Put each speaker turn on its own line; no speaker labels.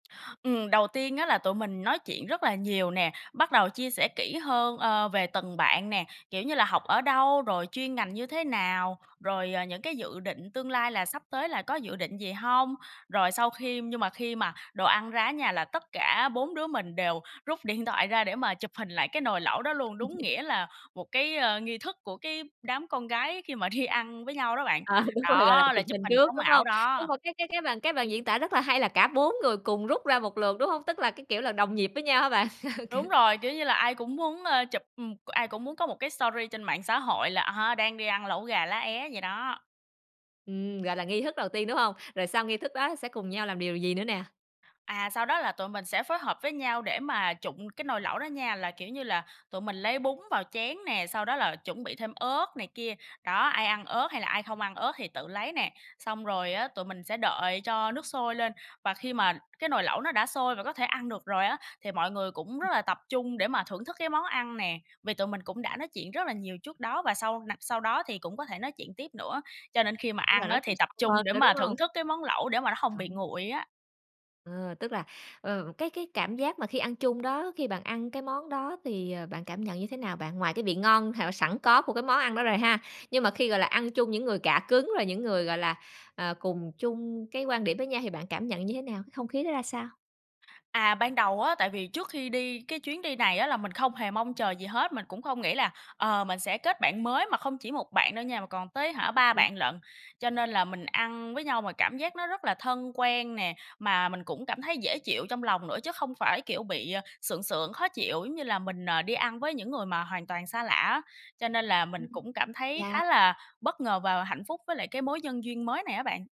Ừm, đầu tiên á là tụi mình nói chuyện rất là nhiều nè, bắt đầu chia sẻ kỹ hơn, ơ, về từng bạn nè, kiểu như là, "Học ở đâu?" rồi "Chuyên ngành như thế nào?" rồi, à, "Những cái dự định tương lai là sắp tới là có dự định gì hông?" Rồi sau khi nhưng mà khi mà đồ ăn ra ở nhà là tất cả 4 đứa mình đều rút điện thoại ra để mà chụp hình lại cái nồi lẩu đó luôn, đúng nghĩa là một cái, a, nghi thức của cái đám con gái khi mà đi ăn với nhau đó bạn.
À, đúng rồi, gọi là,
Đó, là
chụp
chụp
hình
hình
trước,
sống
đúng
ảo
hông? Nhưng
đó.
mà cái cái cái bàn cái bạn diễn tả rất là hay là cả 4 người cùng rút ra một lượt, đúng không? Tức là, cái kiểu là, đồng nhịp với nhau hả bạn? Kiểu
Đúng rồi, kiểu như là, ai cũng muốn, ơ, chụp, ừm, ai cũng muốn có một cái sorry trên mạng xã hội là, à ha, đang đi ăn lẩu gà lá é vậy đó.
Ừm, gọi là, nghi thức đầu tiên, đúng hông? Rồi sau nghi thức đó sẽ cùng nhau làm điều gì nữa nè?
À, sau đó là tụi mình sẽ phối hợp với nhau để mà trụng cái nồi lẩu đó nha, là, kiểu như là, tụi mình lấy bún vào chén nè, sau đó là chuẩn bị thêm ớt này kia, đó, ai ăn ớt hay là ai không ăn ớt thì tự lấy nè. Xong rồi á, tụi mình sẽ đợi cho nước sôi lên, và khi mà cái nồi lẩu nó đã sôi và có thể ăn được rồi á, thì mọi người cũng rất là tập trung để mà thưởng thức cái món ăn nè. Vì tụi mình cũng đã nói chuyện rất là nhiều trước đó và sau nặc sau đó thì cũng có thể nói chuyện tiếp nữa, cho nên khi mà
Tức là
ăn
nói
á,
chuyện
thì tập
sâu
trung
hơn
để
nữa,
mà
đúng hông?
thưởng thức cái món lẩu để mà nó hông bị
[unintelligible]
nguội á.
Ờ, tức là, ờ, cái cái cảm giác mà khi ăn chung đó, khi bạn ăn cái món đó thì, ờ, bạn cảm nhận như thế nào bạn? Ngoài cái vị ngon hảo sẵn có của cái món ăn đó rồi ha, nhưng mà khi, gọi là, ăn chung những người cạ cứng rồi những người, gọi là, ờ, cùng chung cái quan điểm với nhau thì bạn cảm nhận như thế nào? Không khí nó ra sao?
À, ban đầu á, tại vì trước khi đi cái chuyến đi này á, là mình không hề mong chờ gì hết, mình cũng không nghĩ là, ờ, mình sẽ kết bạn mới mà không chỉ một bạn đâu nha, mà còn tới, hả, 3 bạn
[unintelligible]
lận. Cho nên là mình ăn với nhau mà cảm giác nó rất là thân quen nè, mà mình cũng cảm thấy dễ chịu trong lòng nữa chứ không phải, kiểu, bị, ờ, sượng sượng, khó chịu, giống như là mình, ờ, đi ăn với những người mà hoàn toàn xa lạ á. Cho nên là
Ừm.
mình cũng cảm thấy khá
Yeah.
là bất ngờ và hạnh phúc với lại cái mối nhân duyên mới này á bạn.